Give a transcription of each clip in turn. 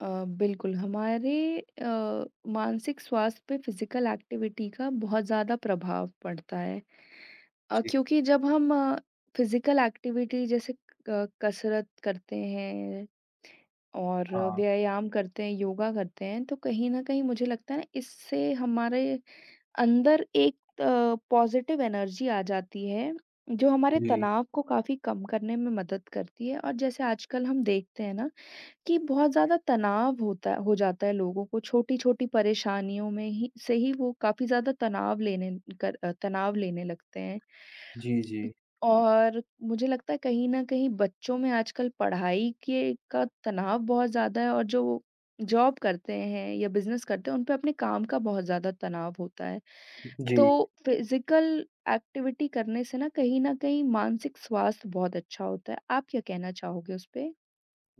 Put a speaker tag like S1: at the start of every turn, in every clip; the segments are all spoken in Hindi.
S1: अ, बिल्कुल हमारे अ, मानसिक स्वास्थ्य पे फिज़िकल एक्टिविटी का बहुत ज़्यादा प्रभाव पड़ता है अ,
S2: जी।
S1: क्योंकि जब हम फिज़िकल एक्टिविटी जैसे क कसरत करते हैं और
S2: हाँ।
S1: व्यायाम करते हैं, योगा करते हैं तो कहीं न कहीं मुझे लगता है इससे हमारे अंदर एक पॉज़िटिव एनर्जी आ जाती है, जो हमारे
S2: जी।
S1: तनाव को काफ़ी कम करने में मदद करती है और जैसे आजकल हम देखते हैं ना कि बहुत ज़्यादा तनाव होता है हो जाता है लोगों को छोटी-छोटी परेशानियों में ही से ही वो काफ़ी ज़्यादा तनाव लेने कर अ, तनाव लेने लगते हैं।
S2: जी, जी।
S1: और मुझे लगता है कहीं न कहीं बच्चों में आजकल पढ़ाई के का तनाव बहुत ज़्यादा है और जो वो जॉब करते हैं या बिज़नेस करते हैं, उनपे अपने काम का बहुत ज़्यादा तनाव होता है,
S2: जी।
S1: तो फिज़िकल एक्टिविटी करने से ना कहीं न कहीं मानसिक स्वास्थ्य बहुत अच्छा होता है। आप क्या कहना चाहोगे उसपे?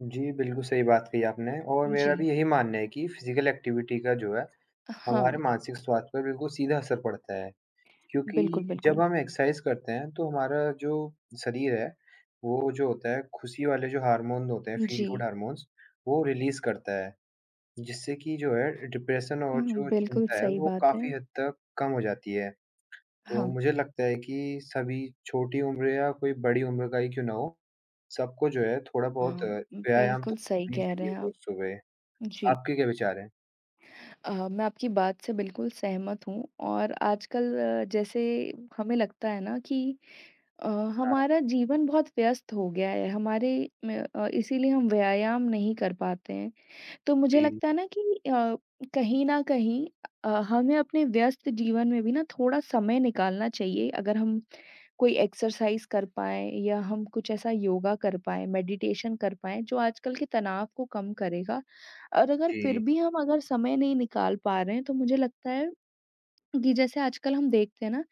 S2: जी, बिल्कुल, सही बात कही आपने और मेरा भी
S1: जी।
S2: यही मानना है कि फिज़िकल एक्टिविटी का जो है,
S1: अ, हाँ।
S2: हमारे मानसिक स्वास्थ्य पर बिल्कुल सीधा असर पड़ता है।
S1: बिल्कुल,
S2: क्योंकि
S1: बिल्कुल।
S2: जब हम एक्सरसाइज़ करते हैं, तो हमारा जो शरीर है, वो जो होता है, खुशी वाले जो हार्मोन होते हैं, फील गुड
S1: जी।
S2: हार्मोन्स वो रिलीज़ करता है, जिससे कि जो है डिप्रेशन और
S1: उहुँ,
S2: जो
S1: बिल्कुल
S2: चिंता है
S1: सही
S2: वो
S1: बात है।
S2: काफ़ी हद तक कम हो जाती है। तो
S1: हाँ।
S2: मुझे लगता है कि सभी छोटी उम्र या कोई बड़ी उम्र का ही क्यों ना हो, सबको जो है थोड़ा-बहुत
S1: हाँ, उम,
S2: व्यायाम तो
S1: बिल्कुल सही
S2: करना ही
S1: कह रहे
S2: चाहिए
S1: हैं
S2: रोज़
S1: आप।
S2: सुबह।
S1: जी।
S2: आपके क्या विचार हैं?
S1: अह मैं आपकी बात से बिल्कुल सहमत हूँ और आजकल जैसे हमें लगता है ना कि अ,
S2: हाँ।
S1: हमारा जीवन बहुत व्यस्त हो गया है, हमारे मैं अ, इसीलिए हम व्यायाम नहीं कर पाते हैं। तो मुझे
S2: जी।
S1: लगता है ना कि अ, कहीं न कहीं अ, हमें अपने व्यस्त जीवन में भी ना थोड़ा समय निकालना चाहिए अगर हम कोई एक्सरसाइज़ कर पाएँ या हम कुछ ऐसा योगा कर पाएँ, मेडिटेशन कर पाएँ, जो आजकल के तनाव को कम करेगा और अगर फिर
S2: जी।
S1: भी हम अगर समय नहीं निकाल पा रहे हैं, तो मुझे लगता है कि जैसे आजकल हम देखते हैं ना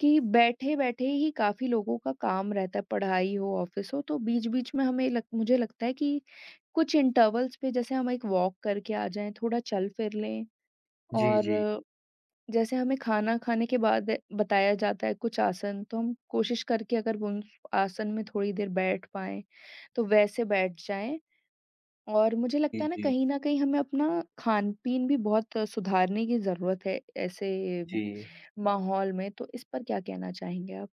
S1: कि बैठे-बैठे ही काफ़ी लोगों का काम रहता है, पढ़ाई हो, ऑफिस हो, तो बीच-बीच में हमें लग मुझे लगता है कि कुछ इंटरवल्स पे जैसे हम एक वॉक करके आ जाएँ, थोड़ा चल फिर ले
S2: जी, जी।
S1: और जैसे हमें खाना खाने के बाद बताया जाता है, कुछ आसन तो हम कोशिश करके अगर वो उन आसन में थोड़ी देर बैठ पाएँ, तो वैसे बैठ जाएँ और मुझे
S2: जी,
S1: लगता है ना
S2: जी।
S1: कहीं न कहीं हमें अपना खान-पीन भी बहुत सुधारने की जरूरत है, ऐसे
S2: जी।
S1: माहौल में तो इस पर क्या कहना चाहेंगे आप?